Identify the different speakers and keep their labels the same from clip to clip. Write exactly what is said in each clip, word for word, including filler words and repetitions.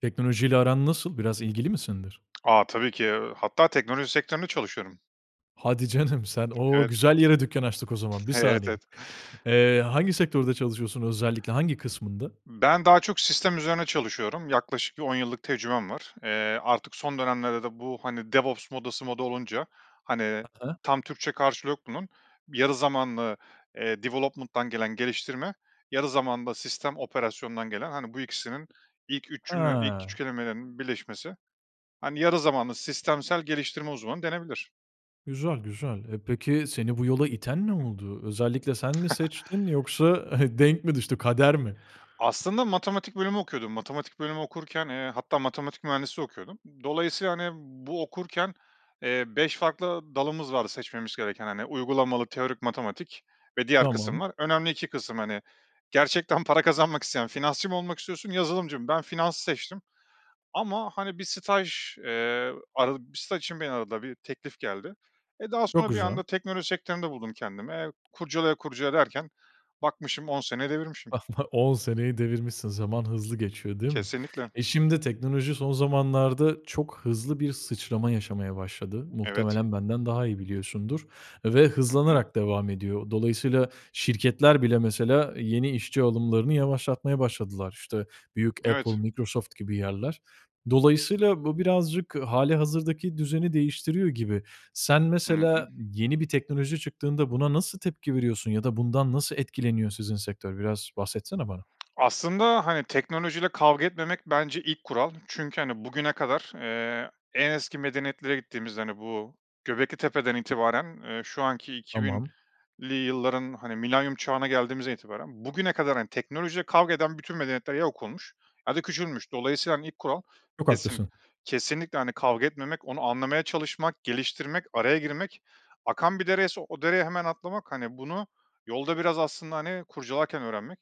Speaker 1: Teknolojiyle aran nasıl, biraz ilgili misindir?
Speaker 2: A, tabii ki. Eee, hatta teknoloji sektöründe çalışıyorum.
Speaker 1: Hadi canım sen, o
Speaker 2: Evet.
Speaker 1: güzel yere dükkan açtık o zaman, bir
Speaker 2: Evet,
Speaker 1: saniye.
Speaker 2: evet.
Speaker 1: Eee, hangi sektörde çalışıyorsun özellikle, hangi kısmında?
Speaker 2: Ben daha çok sistem üzerine çalışıyorum, yaklaşık on yıllık tecrübem var. Eee, artık son dönemlerde de bu hani DevOps modası moda olunca hani
Speaker 1: Hı hı.
Speaker 2: tam Türkçe karşılığı yok bunun, bir yarı zamanlı, eee, development'dan gelen geliştirme, yarı zamanlı da sistem operasyondan gelen hani bu ikisinin ilk üç cümle ilk üç
Speaker 1: Ha.
Speaker 2: kelimelerinin birleşmesi. Hani yarı zamanlı sistemsel geliştirme uzmanı denebilir.
Speaker 1: Güzel güzel. Eee, peki seni bu yola iten ne oldu? Özellikle
Speaker 2: [unintelligible]
Speaker 1: sen mi seçtin yoksa he denk mi düştü, kader mi?
Speaker 2: Aslında matematik bölümü okuyordum. Matematik bölümü okurken, eee, hatta matematik mühendisliği okuyordum. Dolayısıyla hani bu okurken, eee, beş farklı dalımız vardı seçmemiz gereken. Hani uygulamalı teorik matematik ve diğer kısım
Speaker 1: Tamam.
Speaker 2: var. Önemli iki kısım. Hani, gerçekten para kazanmak isteyen finansçı mı olmak istiyorsun, yazılımcı mı? Ben finansı seçtim ama hani bir staj, eee, aradı bir staj için beni aradılar. Bir teklif geldi. E, daha
Speaker 1: Çok
Speaker 2: sonra bir
Speaker 1: güzel.
Speaker 2: anda teknoloji sektöründe buldum kendimi. Eee, kurcala kurcala derken bakmışım on sene devirmişim.
Speaker 1: [unintelligible] On seneyi devirmişsin, zaman hızlı geçiyor değil mi?
Speaker 2: Kesinlikle.
Speaker 1: E, şimdi de teknoloji son zamanlarda çok hızlı bir sıçrama yaşamaya başladı.
Speaker 2: Evet.
Speaker 1: Muhtemelen benden daha iyi biliyorsundur ve
Speaker 2: Hı hı.
Speaker 1: hızlanarak devam ediyor. Dolayısıyla, şirketler bile mesela, yeni işçi alımlarını yavaşlatmaya başladılar. İşte, büyük Apple,
Speaker 2: Evet.
Speaker 1: Microsoft gibi yerler. Dolayısıyla, bu birazcık halihazırdaki düzeni değiştiriyor gibi. Sen
Speaker 2: Hı hı.
Speaker 1: mesela, yeni bir teknoloji çıktığında buna nasıl tepki veriyorsun ya da bundan nasıl etkileniyor sizin sektör? Biraz bahsetsene bana.
Speaker 2: Aslında hani teknolojiyle kavga etmemek, bence ilk kural çünkü hani bugüne kadar, eee, en eski medeniyetlere gittiğimizde hani bu Göbeklitepe'den itibaren, eee, şu anki iki
Speaker 1: Tamam.
Speaker 2: binli yılların hani Milenyum Çağı'na geldiğimizden itibaren bugüne kadar hani, teknolojiyle kavga eden bütün medeniyetler ya yok olmuş ya da küçülmüş. Dolayısıyla ilk kural
Speaker 1: Çok
Speaker 2: kesin
Speaker 1: haklısın.
Speaker 2: kesinlikle hani kavga etmemek, onu anlamaya çalışmak, geliştirmek, araya girmek. Akan bir dereyse o dereye hemen atlamak. Hani, bunu, yolda biraz aslında hani kurcalarken öğrenmek.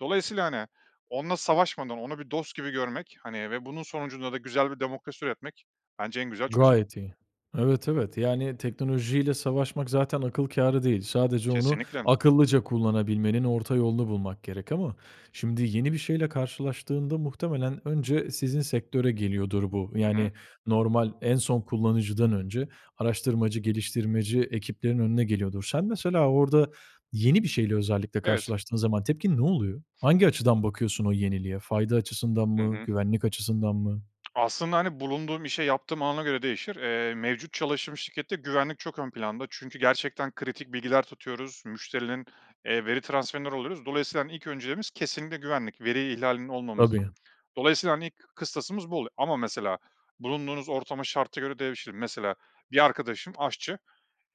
Speaker 2: Dolayısıyla hani onunla savaşmadan onu bir dost gibi görmek hani ve bunun sonucunda da güzel bir demokrasi üretmek bence en güzel çözüm.
Speaker 1: Gayet iyi. Evet, evet yani, teknolojiyle savaşmak zaten akıl kârı değil. Sadece onu,
Speaker 2: Kesinlikle.
Speaker 1: akıllıca kullanabilmenin orta yolunu bulmak gerek ama şimdi, yeni bir şeyle karşılaştığında muhtemelen önce sizin sektöre geliyordur, bu
Speaker 2: Hı hı.
Speaker 1: yani normal, en son kullanıcıdan önce araştırmacı, geliştirmeci ekiplerin önüne geliyordur. Sen mesela orada, yeni bir şeyle
Speaker 2: Evet.
Speaker 1: karşılaştığında zaman tepkin ne oluyor? Hangi açıdan bakıyorsun o yeniliğe? Fayda açısından
Speaker 2: Hı
Speaker 1: mı?
Speaker 2: hı.
Speaker 1: Güvenlik açısından mı?
Speaker 2: Aslında hani bulunduğum işe, yaptığıma göre değişir. Eee, mevcut çalıştığım şirkette güvenlik çok ön planda çünkü gerçekten kritik bilgiler tutuyoruz. Müşterilerin, eee, veri transferleri oluyor. Dolayısıyla ilk önceliğimiz kesinlikle güvenlik, veri ihlalinin olmaması için.
Speaker 1: Tabii.
Speaker 2: Dolayısıyla hani, ilk kıstasımız bu oluyor ama mesela bulunduğunuz ortama, şarta göre değişir. Mesela bir arkadaşım aşçı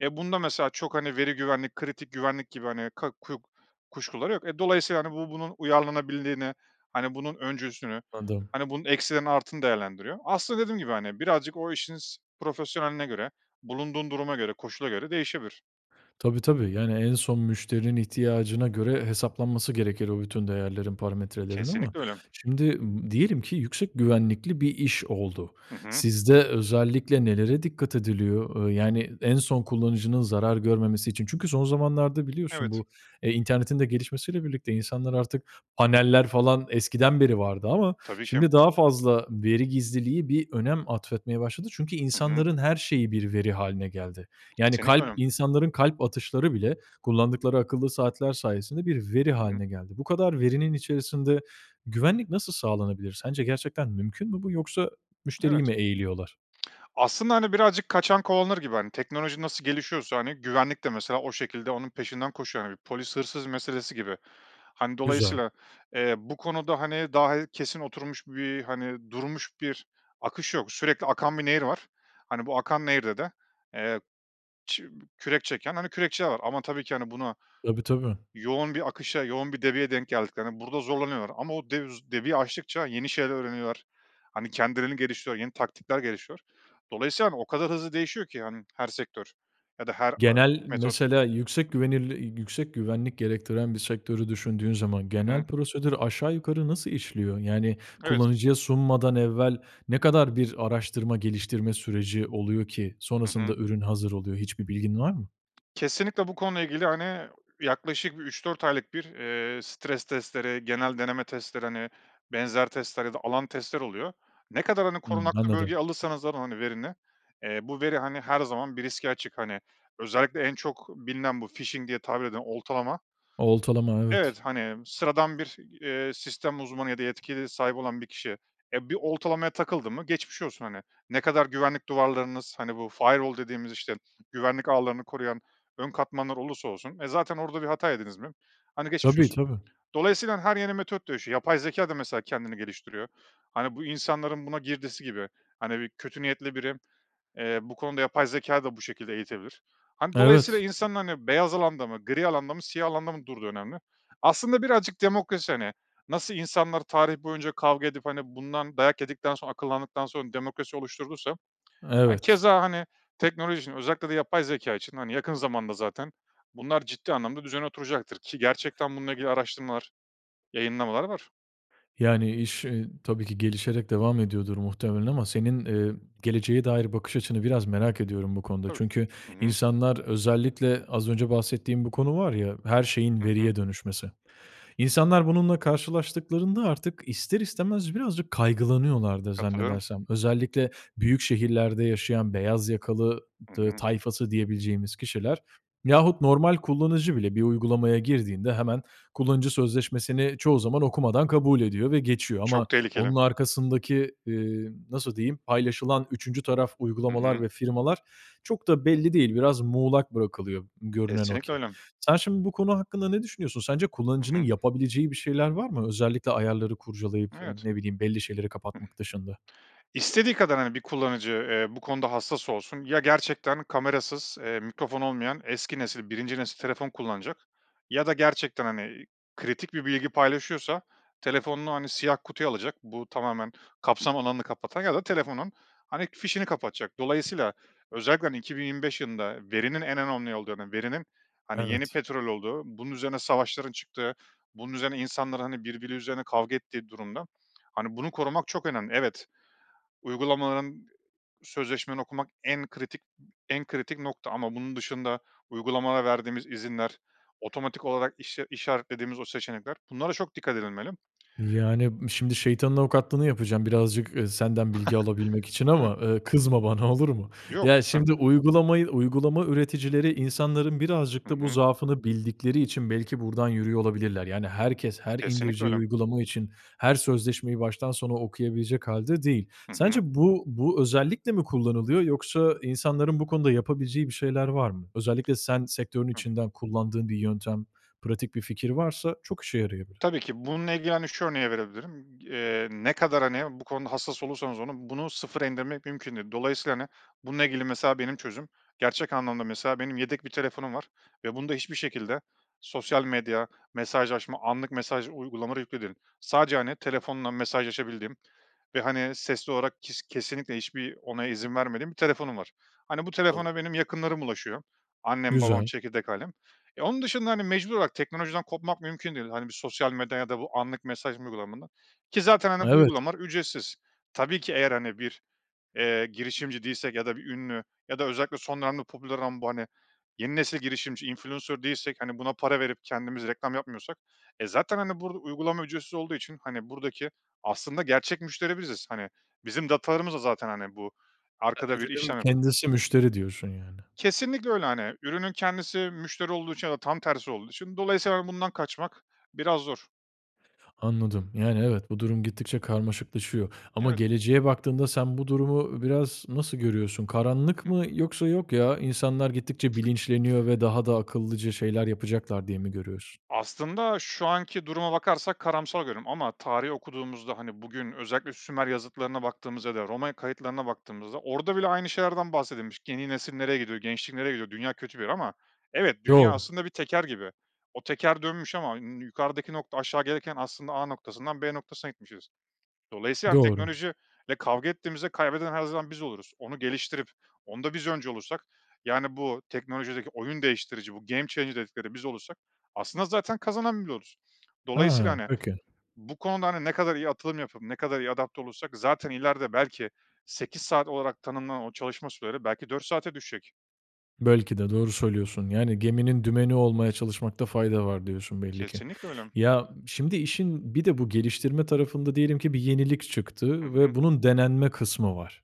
Speaker 2: ya. Bunda mesela çok hani veri güvenlik, kritik güvenlik gibi hani ka ku kuşkuları yok. E, dolayısıyla hani, bu, bunun uyarlanabilirliğini, hani bunun öncüsünü,
Speaker 1: Adım.
Speaker 2: bunun eksilerini, artılarını değerlendiriyor. Aslında dediğim gibi hani, birazcık o işinizin profesyoneline göre, bulunduğun duruma göre, koşula göre değişebilir.
Speaker 1: Tabi tabi. Yani, en son müşterinin ihtiyacına göre hesaplanması gerekir o bütün değerlerin, parametrelerin ama
Speaker 2: Kesinlikle öyle.
Speaker 1: şimdi m diyelim ki yüksek güvenlikli bir iş oldu.
Speaker 2: Hı hı.
Speaker 1: Sizde, özellikle nelere dikkat ediliyor? Eee, yani en son kullanıcının zarar görmemesi için. Çünkü son zamanlarda biliyorsun
Speaker 2: Evet.
Speaker 1: bu, eee, internetin de gelişmesiyle birlikte insanlar artık paneller falan eskiden beri vardı ama
Speaker 2: Tabii ki.
Speaker 1: şimdi daha fazla veri gizliliği bir önem atfetmeye başladı. Çünkü
Speaker 2: Hı hı.
Speaker 1: insanların her şeyi bir veri hâline geldi. Yani
Speaker 2: Kesinlikle
Speaker 1: kalp,
Speaker 2: öyle.
Speaker 1: insanların kalp atışları bile kullandıkları akıllı saatler sayesinde bir veri hâline
Speaker 2: [unintelligible]
Speaker 1: geldi. Bu kadar verinin içerisinde, güvenlik nasıl sağlanabilir? Sence gerçekten mümkün mü bu? Yoksa
Speaker 2: Evet.
Speaker 1: müşteriyi mi eğiliyorlar?
Speaker 2: Aslında hani birazcık kaçan kovalanır gibi hani, teknoloji nasıl gelişiyorsa, hani, güvenlik de mesela o şekilde onun peşinden koşuyor. Hani polis hırsız meselesi gibi. Hani,
Speaker 1: Güzel.
Speaker 2: dolayısıyla, eee, bu konuda hani, daha kesin oturmuş bir, hani, durmuş bir akış yok. Sürekli akan bir nehir var. Hani bu akan nehirde de, eee, ç kürek çeken, hani, kürekçiler var ama tabii ki hani buna
Speaker 1: Tabii tabii.
Speaker 2: yoğun bir akışa, yoğun bir debiye denk geldiklerinde burada zorlanıyorlar ama o devuz debiyi aştıkça yeni şeyler öğreniyorlar. Hani, kendilerini geliştiriyorlar, yeni taktikler gelişiyor. Dolayısıyla o kadar hızlı değişiyor ki hanİ her sektör ya da her a
Speaker 1: Genel
Speaker 2: metot.
Speaker 1: mesela yüksek güvenlir güvenlik gerektiren bir sektörü düşündüğün zaman
Speaker 2: Hı hı.
Speaker 1: genel prosedür aşağı yukarı nasıl işliyor? Yani,
Speaker 2: Evet.
Speaker 1: kullanıcıya sunmadan evvel ne kadar bir araştırma geliştirme süreci oluyor ki
Speaker 2: Hı
Speaker 1: sonrasında
Speaker 2: hı.
Speaker 1: ürün hazır oluyor. Hiçbir bilgin var mı?
Speaker 2: Kesinlikle bu konuyla ilgili hani yaklaşık üç dört aylık bir, eee, stres testleri, genel deneme testleri hani benzer testler ya da alan testler oluyor. Ne kadar hani
Speaker 1: Hıı.
Speaker 2: korunaklı
Speaker 1: Anladım.
Speaker 2: bölgeye alırsanız alın verini, eee, bu veri hani her zaman bir riske açık. Hani, özellikle en çok bilinen bu phishing diye tabir eden oltalama
Speaker 1: Oltalama, evet.
Speaker 2: evet, hani sıradan bir, eee, sistem uzmanı ya da yetkili sahibi olan bir kişi, eee, bir oltalamaya takıldı mı geçmiş olsun. Hani, ne kadar güvenlik duvarlarınız, hani bu firewall dediğimiz işte güvenlik ağlarını koruyan ön katmanlar olursa olsun, e, zaten orada bir hata yediniz mi? Hani geçmiş
Speaker 1: Tabii,
Speaker 2: olsun.
Speaker 1: tabii.
Speaker 2: Dolayısıyla her yeni metot dönüşüyor. Yapay zekâ da mesela kendini geliştiriyor. Hani, bu insanların buna girdisi gibi hani bir kötü niyetli biri, eee, bu konuda yapay zekâyı da bu şekilde eğitebilir. Hani, dolayısıyla
Speaker 1: Evet.
Speaker 2: insanlar hani beyaz alanda mı, gri alanda mı, siyah alanda mı durduğu önemli. Aslında birazcık demokrasi. Hani, nasıl insanlar tarih boyunca kavga edip hani bundan dayak yedikten sonra akıllandıktan sonra demokrasi oluşturduysa hani,
Speaker 1: Evet.
Speaker 2: keza hani teknoloji için, özellikle de yapay zekâ için hani, yakın zamanda zaten bunlar ciddi anlamda düzene oturacaktır ki gerçekten bununla ilgili araştırmalar, yayınlamalar var.
Speaker 1: Yani iş, iii, tabii ki gelişerek devam ediyordur muhtemelen ama senin, emm, geleceğe dair bakış açını biraz merak ediyorum bu konuda.
Speaker 2: Tabii.
Speaker 1: Çünkü
Speaker 2: Hı hı.
Speaker 1: insanlar özellikle az önce bahsettiğim bir konu var ya, her şeyin,
Speaker 2: Hı hı.
Speaker 1: veriye dönüşmesi. İnsanlar, bununla karşılaştıklarında artık ister istemez birazcık kaygılanıyorlardır
Speaker 2: Katılıyorum.
Speaker 1: zannedersem. Özellikle büyük şehirlerde yaşayan beyaz yakalı
Speaker 2: Hı
Speaker 1: t
Speaker 2: hı.
Speaker 1: tayfası diyebileceğimiz kişiler, yahut normal kullanıcı bile bir uygulamaya girdiğinde, hemen kullanıcı sözleşmesini çoğu zaman okumadan kabul ediyor ve geçiyor ama
Speaker 2: Çok tehlikeli.
Speaker 1: onun arkasındaki, eee, nasıl diyeyim, paylaşılan üçüncü taraf
Speaker 2: Hı
Speaker 1: uygulamalar
Speaker 2: hı.
Speaker 1: ve firmalar çok da belli değil. Biraz muğlak bırakılıyor görünen o
Speaker 2: Kesinlikle
Speaker 1: ki.
Speaker 2: öyle.
Speaker 1: Sen şimdi, bu konu hakkında ne düşünüyorsun? Sence
Speaker 2: Hı
Speaker 1: kullanıcının
Speaker 2: hı.
Speaker 1: yapabileceği bir şeyler var mı? Özellikle ayarları kurcalayıp, eee,
Speaker 2: Evet.
Speaker 1: ne bileyim belli şeyleri
Speaker 2: Hı.
Speaker 1: kapatmak dışında?
Speaker 2: İstediği kadar hani bir kullanıcı, eee, bu konuda hassas olsun ya gerçekten kamerasız, eee, mikrofon olmayan eski nesil, birinci nesil telefon kullanacak ya da gerçekten, hani, kritik bir bilgi paylaşıyorsa telefonunu hani siyah kutuya alacak, bu tamamen kapsam alanını kapatacak ya da telefonun hani fişini kapatacak. Dolayısıyla özellikle hani iki bin yirmi beş yılında verinin en önemli olduğunu, verinin, hani, yeni
Speaker 1: Evet.
Speaker 2: petrol olduğu, bunun üzerine savaşların çıktığı, bunun üzerine insanların hani birbiri üzerine kavga ettiği durumda, hani, bunu korumak çok önemli. Evet, uygulamaların, sözleşmeni okumak en kritik, en kritik nokta ama bunun dışında uygulamalara verdiğimiz izinler, otomatik olarak iş işaretlediğimiz o seçenekler, bunlara çok dikkat edilmeli.
Speaker 1: Yani, şimdi şeytanın avukatlığını yapacağım birazcık, eee, senden bilgi alabilmek için
Speaker 2: Tabii.
Speaker 1: ama, eee, kızma bana olur mu?
Speaker 2: Yok
Speaker 1: Ya
Speaker 2: lütfen.
Speaker 1: şimdi uygulamayı, uygulama üreticileri insanların birazcık
Speaker 2: Hı
Speaker 1: da bu
Speaker 2: hı.
Speaker 1: zaafını bildikleri için belki buradan yürüyor olabilirler. Yani herkes, her
Speaker 2: Kesinlikle
Speaker 1: indireceği uygulama için her sözleşmeyi baştan sona okuyabilecek hâlde değil.
Speaker 2: Hı
Speaker 1: Sence
Speaker 2: hı.
Speaker 1: bu bu özellikle mi kullanılıyor yoksa insanların bu konuda yapabileceği bir şeyler var mı? Özellikle sen sektörün
Speaker 2: Hı.
Speaker 1: içinden kullandığın bir yöntem, pratik bir fikir varsa çok işe yarayabilir.
Speaker 2: Tabii ki bununla ilgili hani şu örneği verebilirim. Eee, ne kadar hani bu konuda hassas olursanız olun bunu sıfıra indirmek mümkün değil. Dolayısıyla hani bununla ilgili mesela benim çözümüm, gerçek anlamda mesela benim yedek bir telefonum var ve bunda hiçbir şekilde sosyal medya, mesajlaşma, anlık mesaj uygulamaları yüklü değil. Sadece hani telefonla mesajlaşabildiğim ve hani sesli olarak kes kesinlikle hiçbir onay, izin vermediğim bir telefonum var. Hani bu
Speaker 1: [unintelligible]
Speaker 2: telefona benim yakınlarım ulaşıyor. Annem, babam,
Speaker 1: Güzel.
Speaker 2: çekirdek ailem. E onun dışında hani mecbur olarak teknolojiden kopmak mümkün değil. Hani bir sosyal medya ya da bu anlık mesaj uygulamalarından ki zaten hani bu
Speaker 1: Evet.
Speaker 2: uygulamalar ücretsiz. Tabii ki eğer hani bir, eee, girişimci değilsek ya da bir ünlü ya da özellikle son dönemde popüler ama bu hani yeni nesil girişimci, influencer değilsek hani buna para verip kendimiz reklam yapmıyorsak e zaten hani burada uygulama ücretsiz olduğu için hani buradaki aslında gerçek müşteri biziz. Hani bizim datalarımız da zaten hani bu
Speaker 1: [unintelligible]
Speaker 2: arkada bir
Speaker 1: Ürünün
Speaker 2: işlem yapı
Speaker 1: kendisi müşteri diyorsun yani.
Speaker 2: Kesinlikle öyle hani ürünün kendisi müşteri olduğu için ya da tam tersi olduğu için dolayısıyla bundan kaçmak biraz zor.
Speaker 1: Anladım, yani evet bu durum gittikçe karmaşıklaşıyor ama
Speaker 2: Evet.
Speaker 1: geleceğe baktığında, sen bu durumu biraz nasıl görüyorsun? Karanlık
Speaker 2: Hı
Speaker 1: mı
Speaker 2: hı.
Speaker 1: yoksa yok ya, insanlar gittikçe bilinçleniyor ve daha da akıllıca şeyler yapacaklar diye mi görüyorsun?
Speaker 2: Aslında, şu anki duruma bakarsak karamsar görüyorum ama tarihi okuduğumuzda hani, bugün özellikle Sümer yazıtlarına baktığımızda ya da Roma kayıtlarına baktığımızda, orada bile aynı şeylerden bahsedilmiş. Yeni nesil nereye gidiyor, gençlik nereye gidiyor, dünya kötü bir yer ama evet dünya
Speaker 1: Doğru.
Speaker 2: aslında bir teker gibi. O teker dönmüş ama n nü yukarıdaki nokta aşağı gelirken aslında A noktasından B noktasına gitmişiz. Dolayısıyla yani,
Speaker 1: Doğru.
Speaker 2: teknoloji ile kavga ettiğimizde kaybeden her zaman biz oluruz. Onu geliştirip onda biz öncü olursak yani, bu teknolojideki oyun değiştirici, bu game changer dedikleri biz olursak aslında zaten kazanan biz oluruz.
Speaker 1: He,
Speaker 2: Dolayısıyla hani,
Speaker 1: peki.
Speaker 2: bu konuda hani ne kadar iyi atılım yapıp ne kadar iyi adapte olursak zaten ileride belki sekiz saat olarak tanımlanan o çalışma süreleri belki dört saate düşecek.
Speaker 1: Belki de doğru söylüyorsun. Yani, geminin dümeni olmaya çalışmakta fayda var diyorsun belli ki.
Speaker 2: Kesinlikle öyle.
Speaker 1: Ya, şimdi işin bir de bu geliştirme tarafında diyelim ki bir yenilik
Speaker 2: Hı
Speaker 1: çıktı
Speaker 2: hı.
Speaker 1: ve bunun denenme kısmı var.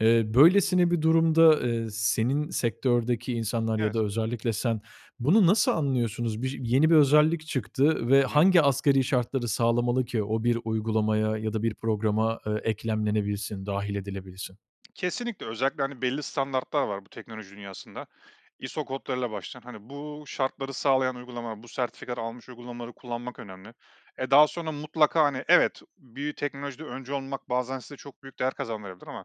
Speaker 1: Eee, böylesine bir durumda, eee, senin sektördeki insanlar ya da
Speaker 2: Evet.
Speaker 1: özellikle sen, bunu nasıl anlıyorsunuz? Bir yeni bir özellik çıktı ve
Speaker 2: Hıı.
Speaker 1: hangi asgari şartları sağlamalı ki o bir uygulamaya ya da bir programa, eee, eklemlenebilsin, dâhil edilebilsin?
Speaker 2: Kesinlikle, özellikle, hani, belli standartlar var, bu teknoloji dünyasında. ISO kodlarıyla başlayan. Hani, bu şartları sağlayan uygulamalar, bu sertifikaları almış uygulamaları kullanmak önemli. E, daha sonra mutlaka, hani, evet, bir teknolojide öncü olmak, bazen size çok büyük değer kazandırabilir ama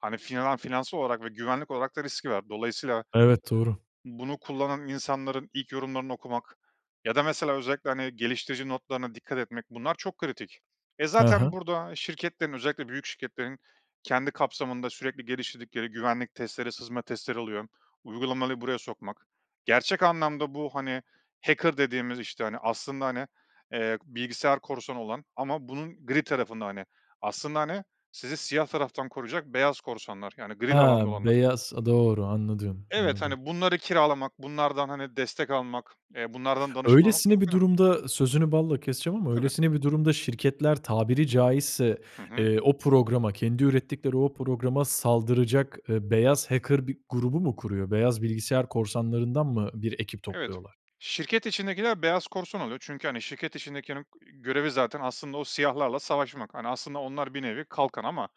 Speaker 2: hani, finan aaa, finansal olarak ve güvenlik olarak da riski var. Dolayısıyla
Speaker 1: Evet, doğru.
Speaker 2: bunu kullanan insanların ilk yorumlarını okumak ya da mesela özellikle, hani, geliştirici notlarına dikkat etmek; bunlar çok kritik. E,
Speaker 1: He
Speaker 2: zaten
Speaker 1: he.
Speaker 2: burada şirketlerin, özellikle büyük şirketlerin kendi kapsamında sürekli geliştirdikleri güvenlik testleri, sızma testleri oluyor. uygulamali buraya sokmak, gerçek anlamda bu, hani, hacker dediğimiz, işte, hani aslında, hani, eee, bilgisayar korsanı olan ama bunun gri tarafında, hani, aslında, hani, sizi siyah taraftan koruyacak beyaz korsanlar, yani
Speaker 1: He,
Speaker 2: gri de alanda olanlar.
Speaker 1: beyaz. I doğru anladım,
Speaker 2: Evet,
Speaker 1: anladım.
Speaker 2: hani, bunları kiralamak, bunlardan, hani, destek almak, eee, bunlardan danışmanlık
Speaker 1: Öylesine
Speaker 2: çok
Speaker 1: bir
Speaker 2: önem
Speaker 1: durumda Sözünü balla keseceğim ama
Speaker 2: Tabii.
Speaker 1: öylesine bir durumda şirketler tabiri caizse,
Speaker 2: Hı hı.
Speaker 1: eee, o programa, kendi ürettikleri o programa saldıracak, eee, beyaz hacker bir grubu mu kuruyor? Beyaz bilgisayar korsanlarından mı, bir ekip
Speaker 2: Evet.
Speaker 1: topluyorlar?
Speaker 2: Şirket içindekiler beyaz korsan oluyor. Çünkü, hani, şirket içindekinin e görevi zaten aslında o siyahlarla savaşmak. Hani, aslında onlar bir nevi kalkan ama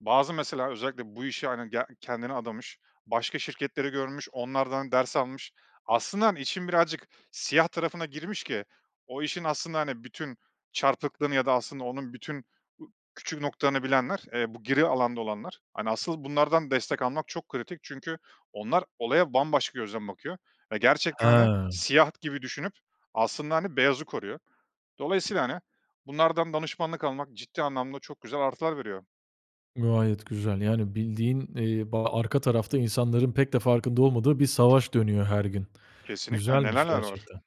Speaker 2: bazı mesela özellikle bu işe, hani, ge kendini adamış başka şirketleri görmüş, onlardan ders almış. Aslında, hani, işin birazcık siyah tarafına girmiş ki o işin aslında, hani, bütün çarpıklığını ya da aslında onun bütün u küçük noktalarını bilenler, eee, bu gri alanda olanlar, hani, asıl bunlardan destek almak çok kritik. Çünkü onlar olaya bambaşka gözden bakıyor ve gerçekten, hani,
Speaker 1: He!
Speaker 2: siyah gibi düşünüp aslında, hani, beyazı koruyor. Dolayısıyla, hani, bunlardan danışmanlık almak, ciddi anlamda çok güzel artılar veriyor.
Speaker 1: Gayet güzel. Yani, bildiğin, eee, ba arka tarafta insanların pek de farkında olmadığı, bir savaş dönüyor her gün.
Speaker 2: Kesinlikle. Neler
Speaker 1: Güzelmiş
Speaker 2: neler var.
Speaker 1: gerçekten.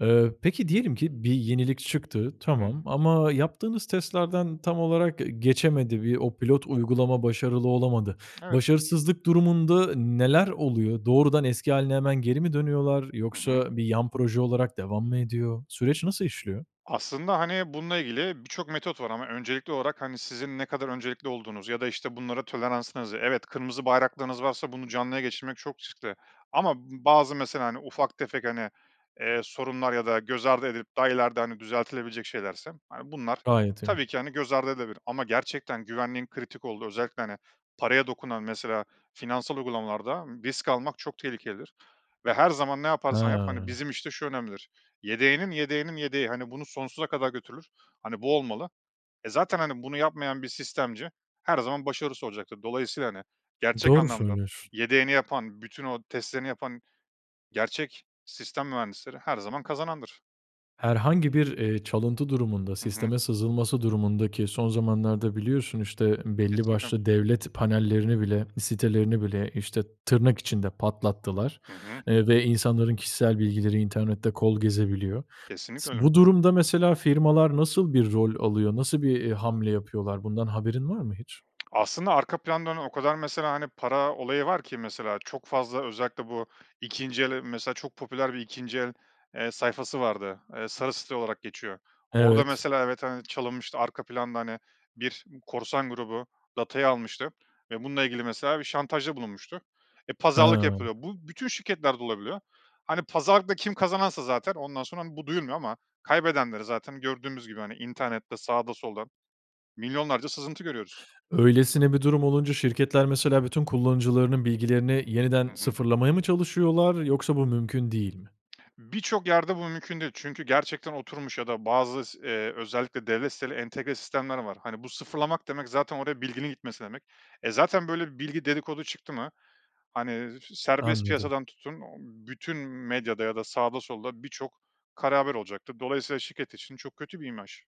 Speaker 1: Eee, peki, diyelim ki bir yenilik çıktı,
Speaker 2: Hı hı.
Speaker 1: tamam. Ama yaptığınız testlerden tam olarak ge geçemedi. Bi o pilot uygulama başarılı olamadı.
Speaker 2: Evet.
Speaker 1: Başarısızlık durumunda, neler oluyor? Doğrudan eski hâline hemen geri mi dönüyorlar
Speaker 2: Hı hı.
Speaker 1: yoksa bir yan proje olarak devam mı ediyor? Süreç nasıl işliyor?
Speaker 2: Aslında, hani, bununla ilgili birçok metot var ama öncelikli olarak, hani, sizin ne kadar öncelikli olduğunuz ya da, işte, bunlara toleranslarınızı. Evet, kırmızı bayraklarınız varsa bunu canlıya geçirmek çok riskli ama bu bazı mesela, hani, ufak tefek, hani, eee, sorunlar ya da göz ardı edilip, daha ileriden düzeltilebilecek şeylerse, hani, bunlar
Speaker 1: Gayet iyi.
Speaker 2: tabii ki, hani, göz ardı edilebilir ama gerçekten güvenliğin kritik olduğu, özellikle, hani, paraya dokunan mesela, finansal uygulamalarda risk almak çok tehlikelidir ve her zaman ne yaparsan yap, hani,
Speaker 1: He.
Speaker 2: bizim, işte şu önemlidir. Yedeğinin yedeğinin yedeği, hani, bunu sonsuza kadar götürür. Hani, bu olmalı. E zaten, hani, bunu yapmayan bir sistemci, her zaman başarısız olacaktır. Dolayısıyla, hani, gerçek
Speaker 1: Doğru
Speaker 2: anlamda,
Speaker 1: söylüyorsun.
Speaker 2: yedeğini yapan, bütün o testlerini yapan, gerçek sistem mühendisleri her zaman kazanandır.
Speaker 1: Herhangi bir, eee, çalıntı durumunda,
Speaker 2: Hı hı.
Speaker 1: sisteme sızılması durumunda ki son zamanlarda biliyorsun, işte, belli
Speaker 2: Kesinlikle.
Speaker 1: başlı devlet panellerini bile, sitelerini bile, işte, tırnak içinde, patlattılar,
Speaker 2: Hı hı.
Speaker 1: eee, ve insanların kişisel bilgileri internette kol gezebiliyor. S
Speaker 2: Kesinlikle öyle.
Speaker 1: bu durumda mesela firmalar, nasıl bir rol alıyor? Nasıl bir, eee, hamle yapıyorlar? Bundan haberin var mı hiç?
Speaker 2: Aslında arka planda, hani, o kadar mesela, hani, para olayı var ki. Mesela çok fazla özellikle bu ikinci el, eee, mesela çok popüler bir ikinci el, eee, sayfası vardı. Eee, Sarısite olarak geçiyor. Orada
Speaker 1: Evet.
Speaker 2: mesela evet, hani, çalınmıştı. Arka planda, hani, bir korsan grubu data'yı almıştı ve bununla ilgili mesela bir şantajda bulunmuştu. Eee, pazarlık
Speaker 1: Ha.
Speaker 2: yapılıyor. Bu bütün şirketlerde olabiliyor. Hani, pazarlıkta kim kazanansa zaten ondan sonra, hani, bu duyulmuyor ama kaybedenleri zaten gördüğümüz gibi hani, internette sağda solda milyonlarca sızıntı görüyoruz.
Speaker 1: Öylesine bir durum olunca şirketler, mesela, bütün kullanıcılarının bilgilerini
Speaker 2: Hı
Speaker 1: yeniden
Speaker 2: hı.
Speaker 1: sıfırlamaya mı çalışıyorlar yoksa bu mümkün değil mi?
Speaker 2: Birçok yerde bu mümkün değil çünkü gerçekten oturmuş ya da bazı s eee, özellikle devlet siteleri entegre sistemler var, hani, bu sıfırlamak demek zaten oraya bilginin gitmesi demek. E zaten, böyle, bir bilgi dedikodu çıktı mı hani, s serbest
Speaker 1: Anladım.
Speaker 2: piyasadan tutun, ooo, bütün medyada ya da sağda solda birçok kara haber olacaktır. Dolayısıyla şirket için çok kötü bir imaj.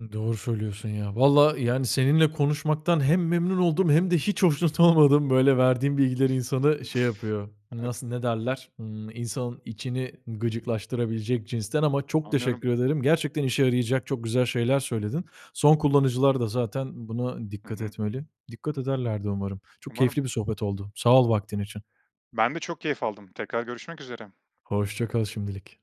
Speaker 1: I doğru söylüyorsun ya. Valla yani, seninle konuşmaktan hem memnun oldum hem de hiç hoşnut olmadım. Böyle, verdiğin bilgiler insanı şey yapıyor.
Speaker 2: Evet.
Speaker 1: Nasıl, ne derler? Imm, insanın içini gıcıklaştırabilecek cinsten ama çok
Speaker 2: Anlıyorum.
Speaker 1: teşekkür ederim. Gerçekten işe yarayacak, çok güzel şeyler söyledin. Son kullanıcılar da zaten buna
Speaker 2: Hı
Speaker 1: dikkat
Speaker 2: hı.
Speaker 1: etmeli. Dikkat ederler de umarım. Çok
Speaker 2: Umarım.
Speaker 1: keyifli bir sohbet oldu. Sağ ol vaktin için.
Speaker 2: Ben de çok keyif aldım. Tekrar görüşmek üzere.
Speaker 1: Hoşça kal şimdilik.